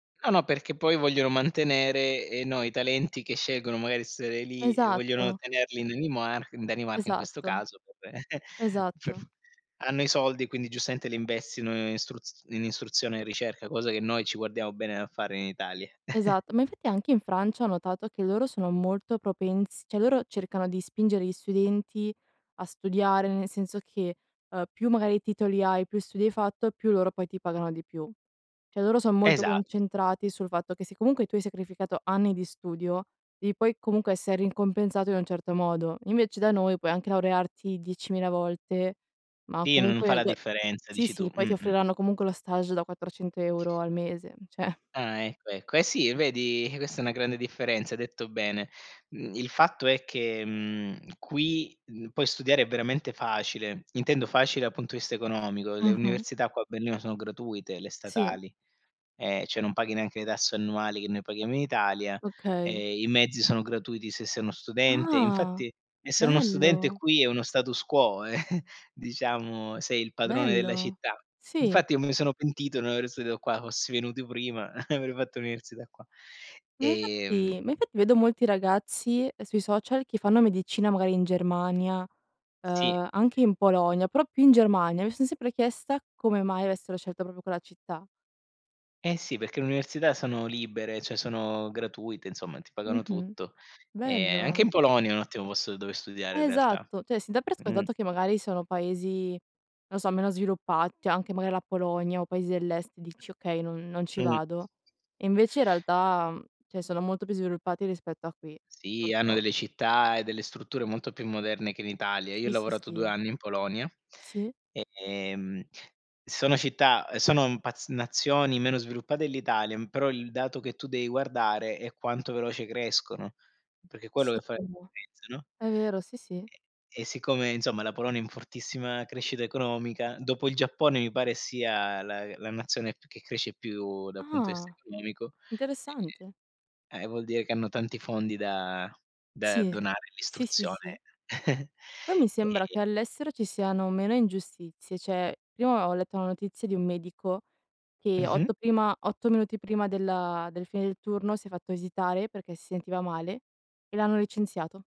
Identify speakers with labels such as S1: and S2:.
S1: No, no, perché poi vogliono mantenere, ehm, no, i talenti che scelgono magari essere lì e vogliono
S2: Esatto.
S1: tenerli in Danimar in Danimarca in questo
S2: Esatto.
S1: caso, vabbè, cioè
S2: Esatto.
S1: hanno i soldi quindi giustamente li investono in in istruzione e ricerca, cosa che noi ci guardiamo bene dal fare in Italia.
S2: Esatto, ma infatti anche in Francia ho notato, che loro sono molto propens cioè loro cercano di spingere gli studenti a studiare, nel senso che, ehm, più magari titoli hai, più studi hai fatto, più loro poi ti pagano di più. Cioè loro son molto
S1: Esat
S2: concentrati, sul fatto che, se comunque tu hai sacrificato anni di studio, devi poi comunque essere ricompensato in un certo modo. Invece da noi, puoi anche laurearti diecimila volte, ma
S1: Sì, n non fa
S2: comunque
S1: la
S2: [unintelligible]
S1: differenza,
S2: sì
S1: dici tu
S2: sì, poi
S1: mh,
S2: ti
S1: mh.
S2: offriranno comunque lo stage da 400 € al mese, cioè
S1: Ah, ecco, ecco. Eh sì, vedi, eh, questa è una grande differenza, hai detto bene. Mhmm, il fatto è che, mhmm, qui, uhm, puoi studiare veramente facile, intendo facile, dal punto di vista economico; le
S2: Mh-mh.
S1: università qua a Berlino sono gratuite, le
S2: Sì.
S1: statali, ehm, cioè non paghi neanche le tasse annuali che noi paghiamo in Italia,
S2: Okay.
S1: ehm, i mezzi sono gratuiti se sei uno studente,
S2: Ah,
S1: infatti, essere uno studente
S2: Bello.
S1: qui, è uno status quo diciamo sei il padrone della
S2: Bello,
S1: città.
S2: sì.
S1: Infatti io mi sono pentito non aver studiato qua, fossi venuto prima, avrei fatto l'università qua.
S2: Ma
S1: Ehm
S2: infatti ma infatti vedo molti ragazzi, sui social, che fanno medicina magari in Germania,
S1: Sì.
S2: uhm, anche in Polonia, però più in Germania mi son sempre chiesta come mai avessero scelto proprio quella città.
S1: Eh sì, perché le università sono libere, cioè, sono gratuite, insomma, ti pagano
S2: Mh-mh.
S1: tutto. Ehm, anche
S2: Bello.
S1: in Polonia è un ottimo posto dove studiare in realtà.
S2: Esatto, cioè, si dà per
S1: Mh.
S2: scontato che magari sono paesi non lo so, meno sviluppa cioè anche magari la Polonia, o paesi dell'Est, dici: "Okay, non non ci
S1: Mh.
S2: vado." E invece in realtà cioè sono molto più sviluppati rispetto a qui,
S1: Sì, hanno
S2: purtro
S1: delle città, e delle strutture molto più moderne che in Italia. Io ho
S2: [unintelligible] Sì,
S1: lavorato 2
S2: sì.
S1: anni in Polonia,
S2: Sì.
S1: ehm, sono città uhm, sono paz nazioni meno sviluppate dell'Italia, però il dato che tu devi guardare, è quanto veloce crescono, perché è quello
S2: Sì
S1: che fa
S2: [unintelligible]
S1: differenza, no.
S2: è vero, sì, sì.
S1: E e e siccome, insomma, la Polonia è in fortissima crescita economica, dopo il Giappone, mi pare sia la la nazione che cresce più dal punto dal vista
S2: Ah,
S1: economico.
S2: interessante.
S1: Ehm, e eh, vuol dire che hanno tanti fondi da da
S2: Sì, uhm,
S1: donare,
S2: sì, sì, sì.
S1: l'istruzione.
S2: Poi mi sembra
S1: Ehm
S2: che all'estero ci siano meno ingiustizie, cioè, prima ho letto una notizia di un medico, che
S1: Mh-mh.
S2: 8 prima 8 minuti prima della del fine del turno, si è fatto visitare perché si sentiva male e l'hanno licenziato.